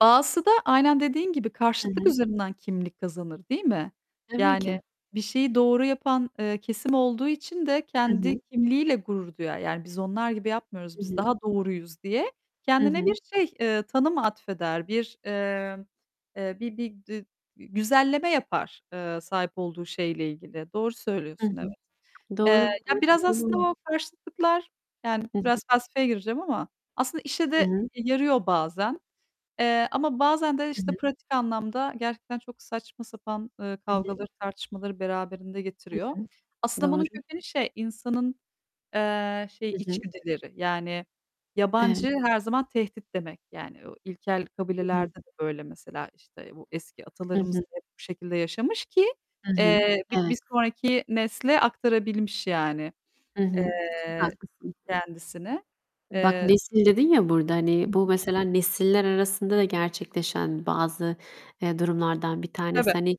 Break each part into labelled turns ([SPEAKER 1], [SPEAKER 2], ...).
[SPEAKER 1] Bazısı da aynen dediğin gibi
[SPEAKER 2] Hı
[SPEAKER 1] karşıtlık
[SPEAKER 2] hı.
[SPEAKER 1] üzerinden kimlik kazanır değil mi?
[SPEAKER 2] Tabii
[SPEAKER 1] Yani,
[SPEAKER 2] ki.
[SPEAKER 1] bir şeyi doğru yapan, eee, kesim olduğu için de
[SPEAKER 2] Hı
[SPEAKER 1] kendi
[SPEAKER 2] hı.
[SPEAKER 1] kimliğiyle gurur duyar. Yani biz onlar gibi yapmıyoruz,
[SPEAKER 2] Hı
[SPEAKER 1] biz
[SPEAKER 2] hı.
[SPEAKER 1] daha doğruyuz diye
[SPEAKER 2] Hı
[SPEAKER 1] kendine bir
[SPEAKER 2] hı.
[SPEAKER 1] şey, eee, tanım atfeder, bir, eee, eee, bir bir dü e düzenleme yapar, eee, sahip olduğu şeyle ilgili. Doğru
[SPEAKER 2] Hı
[SPEAKER 1] söylüyorsun evet.
[SPEAKER 2] hı.
[SPEAKER 1] Eee,
[SPEAKER 2] Doğru,
[SPEAKER 1] ya, biraz
[SPEAKER 2] gerçekten
[SPEAKER 1] aslında
[SPEAKER 2] öyle.
[SPEAKER 1] o karşıtlıklar yani
[SPEAKER 2] Hı hı.
[SPEAKER 1] biraz felsefeye gireceğim ama aslında işe de
[SPEAKER 2] Hı hı.
[SPEAKER 1] e yarıyor bazen, eee, ama bazen de
[SPEAKER 2] Hı
[SPEAKER 1] işte
[SPEAKER 2] hı.
[SPEAKER 1] pratik anlamda gerçekten çok saçma sapan, ııı,
[SPEAKER 2] Hı hı.
[SPEAKER 1] kavgaları tartışmaları beraberinde
[SPEAKER 2] Hı
[SPEAKER 1] getiriyor.
[SPEAKER 2] hı.
[SPEAKER 1] Aslında
[SPEAKER 2] Doğru.
[SPEAKER 1] bunun kökeni şey insanın, eee, şey
[SPEAKER 2] Hı hı.
[SPEAKER 1] içgüdüleri. Yani,
[SPEAKER 2] Evet.
[SPEAKER 1] yabancı her zaman tehdit demek. Yani, o ilkel
[SPEAKER 2] Hı hı.
[SPEAKER 1] kabilelerde de böyle mesela işte bu eski
[SPEAKER 2] Hı
[SPEAKER 1] atalarımız
[SPEAKER 2] hı.
[SPEAKER 1] da hep bu şekilde yaşamış ki,
[SPEAKER 2] Hı hı.
[SPEAKER 1] eee, bi
[SPEAKER 2] Evet.
[SPEAKER 1] bir sonraki nesle aktarabilmiş yani,
[SPEAKER 2] Hı hı. Çok
[SPEAKER 1] eee,
[SPEAKER 2] haklısın.
[SPEAKER 1] kendisini.
[SPEAKER 2] Bak
[SPEAKER 1] Eee
[SPEAKER 2] nesil dedin ya burada,
[SPEAKER 1] Hı
[SPEAKER 2] hani, bu
[SPEAKER 1] hı.
[SPEAKER 2] mesela nesiller arasında da gerçekleşen bazı, eee, durumlardan bir tanesi.
[SPEAKER 1] Tabii.
[SPEAKER 2] Hani,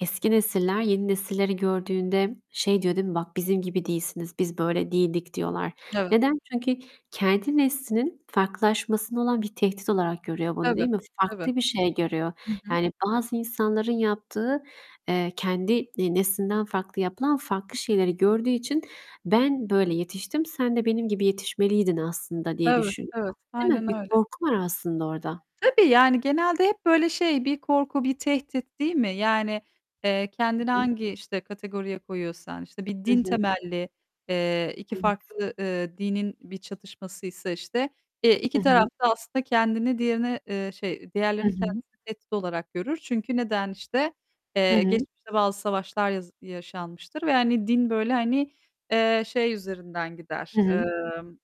[SPEAKER 2] eski nesiller, yeni nesilleri gördüğünde şey diyor değil mi? Bak bizim gibi değilsiniz, biz böyle değildik diyorlar.
[SPEAKER 1] Evet.
[SPEAKER 2] Neden? Çünkü kendi neslinin farklılaşmasında olan bir tehdit olarak görüyor bunu,
[SPEAKER 1] Tabii,
[SPEAKER 2] değil mi?
[SPEAKER 1] tabii.
[SPEAKER 2] Farklı bir şey görüyor,
[SPEAKER 1] Hı hı.
[SPEAKER 2] yani bazı insanların yaptığı, eee, kendi, e neslinden farklı yapılan, farklı şeyleri gördüğü için ben böyle yetiştim, sen de benim gibi yetişmeliydin aslında diye
[SPEAKER 1] Evet,
[SPEAKER 2] düşünüyor,
[SPEAKER 1] evet.
[SPEAKER 2] değil mi?
[SPEAKER 1] Aynen
[SPEAKER 2] Bir
[SPEAKER 1] öyle.
[SPEAKER 2] korku var aslında orada.
[SPEAKER 1] Tabii, yani genelde hep böyle şey bir korku bir tehdit değil mi? Yani, eee, kendini
[SPEAKER 2] Hı hı.
[SPEAKER 1] hangi işte kategoriye koyuyorsan, işte bir
[SPEAKER 2] Hı
[SPEAKER 1] din
[SPEAKER 2] hı.
[SPEAKER 1] temelli, eee, iki
[SPEAKER 2] Evet.
[SPEAKER 1] farklı, ııı, dinin bir çatışması ise işte, eee,
[SPEAKER 2] Hı
[SPEAKER 1] iki taraf
[SPEAKER 2] hı.
[SPEAKER 1] da aslında kendini diğerine, eee, şey,
[SPEAKER 2] Hı
[SPEAKER 1] diğerlerini
[SPEAKER 2] hı.
[SPEAKER 1] kendisine tehdit olarak görür. Çünkü neden işte,
[SPEAKER 2] Hı
[SPEAKER 1] eee,
[SPEAKER 2] hı.
[SPEAKER 1] geçmişte bazı savaşlar yaz yaşanmıştır ve hani din böyle hani, eee, şey üzerinden gider,
[SPEAKER 2] Hı hı.
[SPEAKER 1] emm.